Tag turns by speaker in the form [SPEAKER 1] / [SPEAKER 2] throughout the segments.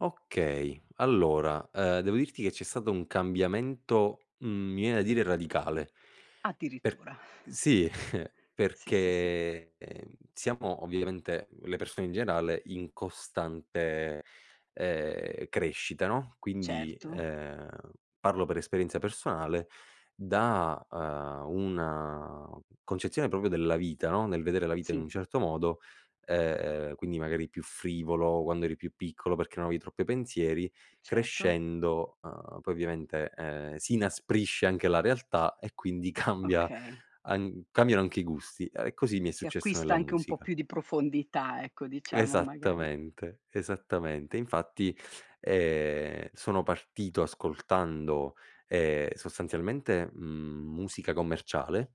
[SPEAKER 1] Okay, allora, ehm, devo dirti che c'è stato un cambiamento, mhmm, mi viene da dire radicale, per
[SPEAKER 2] Addirittura.
[SPEAKER 1] sì,
[SPEAKER 2] Sì, sì, sì.
[SPEAKER 1] perché, ehm, siamo ovviamente, le persone in generale, in costante, ehm, crescita, no, quindi,
[SPEAKER 2] Certo.
[SPEAKER 1] ehm, parlo per esperienza personale, da, uhm, una concezione proprio della vita, no, nel vedere la vita in
[SPEAKER 2] Sì.
[SPEAKER 1] un certo modo, ehm, quindi magari più frivolo quando eri più piccolo perché non avevi troppi pensieri,
[SPEAKER 2] Certo.
[SPEAKER 1] crescendo, uhm, poi ovviamente, ehm, si inasprisce anche la realtà, e quindi cambia
[SPEAKER 2] Okay.
[SPEAKER 1] an cambiano anche i gusti, uhm, e così mi è
[SPEAKER 2] Si
[SPEAKER 1] successo
[SPEAKER 2] acquista
[SPEAKER 1] nella
[SPEAKER 2] anche un po'
[SPEAKER 1] musica.
[SPEAKER 2] più di profondità ecco, diciamo, magari.
[SPEAKER 1] Esattamente, esattamente. Infatti, ehm, sono partito ascoltando, ehm, sostanzialmente, mhmm, musica commerciale,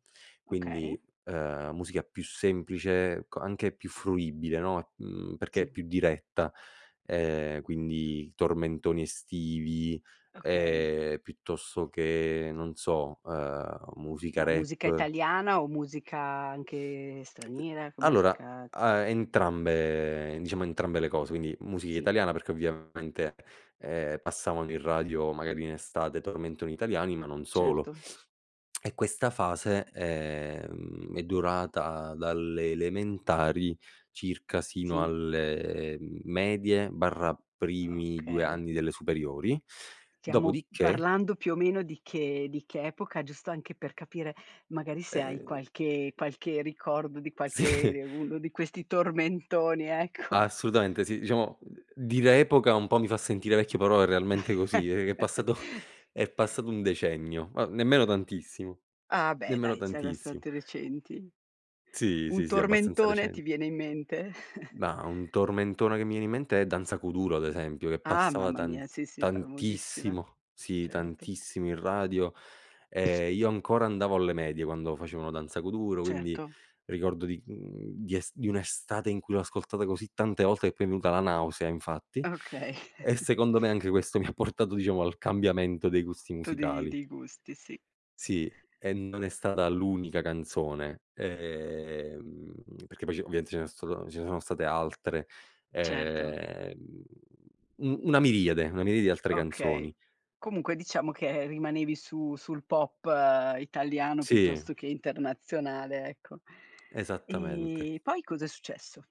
[SPEAKER 2] Okay.
[SPEAKER 1] quindi, ehm, musica più semplice, co anche più fruibile, no, e mhmm, perché è
[SPEAKER 2] Sì.
[SPEAKER 1] più diretta, ehm, quindi tormentoni estivi,
[SPEAKER 2] Okay.
[SPEAKER 1] ehm, piuttosto che non so, ehm, musica
[SPEAKER 2] Ma musica
[SPEAKER 1] rap.
[SPEAKER 2] italiana, o musica anche
[SPEAKER 1] [unintelligible]
[SPEAKER 2] straniera, che
[SPEAKER 1] Allora
[SPEAKER 2] musica
[SPEAKER 1] a entrambe diciamo entrambe le cose, quindi musica
[SPEAKER 2] Sì.
[SPEAKER 1] italiana perché ovviamente, ehm, passavano in radio magari in estate tormentoni italiani, ma non solo
[SPEAKER 2] Certo.
[SPEAKER 1] e questa fase, ehm, è durata dalle elementari circa sino
[SPEAKER 2] Sì.
[SPEAKER 1] alle medie barra primi due
[SPEAKER 2] Okay.
[SPEAKER 1] anni delle superiori,
[SPEAKER 2] Stiamo
[SPEAKER 1] dopodiché
[SPEAKER 2] parlando più o meno di che di che epoca, giusto anche per capire magari se hai
[SPEAKER 1] Ehm
[SPEAKER 2] qualche qualche ricordo di qualche
[SPEAKER 1] Sì.
[SPEAKER 2] de uno di questi tormentoni, ecco.
[SPEAKER 1] Assolutamente, sì diciamo, uhm, dire epoca un po' mi fa sentire vecchio, però è realmente così, è è passato è passato un decennio, ma nemmeno tantissimo,
[SPEAKER 2] Ah, beh
[SPEAKER 1] nemmeno
[SPEAKER 2] dai, sei
[SPEAKER 1] tantissimo.
[SPEAKER 2] abbastante recenti.
[SPEAKER 1] Sì,
[SPEAKER 2] Un
[SPEAKER 1] sì, sì, abbastanza
[SPEAKER 2] tormentone, ti
[SPEAKER 1] recen
[SPEAKER 2] viene in mente?
[SPEAKER 1] Ma un tormentone che mi viene in mente, è Danza Kuduro ad esempio, che
[SPEAKER 2] Ah
[SPEAKER 1] passava
[SPEAKER 2] mamma
[SPEAKER 1] tant
[SPEAKER 2] mia, sì, sì, famosissima.
[SPEAKER 1] tantissimo sì
[SPEAKER 2] Certo.
[SPEAKER 1] tantissimo in radio, ehm, io ancora andavo alle medie quando facevano Danza Kuduro, quindi
[SPEAKER 2] Certo.
[SPEAKER 1] ricordo di mhmm, di es di un'estate in cui l'ho ascoltata così tante volte che poi m'è venuta la nausea infatti,
[SPEAKER 2] Okay.
[SPEAKER 1] e secondo me anche questo, mi ha portato diciamo al cambiamento dei gusti
[SPEAKER 2] Tu di
[SPEAKER 1] musicali.
[SPEAKER 2] di gusti, sì.
[SPEAKER 1] Sì, e non è stata l'unica canzone, ehm, perché poi c'è ovviamente ce ne so' stato ce ne sono state altre,
[SPEAKER 2] Certo.
[SPEAKER 1] ehm, u una miriade, una miriade di altre
[SPEAKER 2] Okay,
[SPEAKER 1] canzoni.
[SPEAKER 2] comunque diciamo che rimanevi su sul pop italiano,
[SPEAKER 1] Sì.
[SPEAKER 2] piuttosto che internazionale, ecco.
[SPEAKER 1] Esattamente.
[SPEAKER 2] Ehm, poi cos'è successo?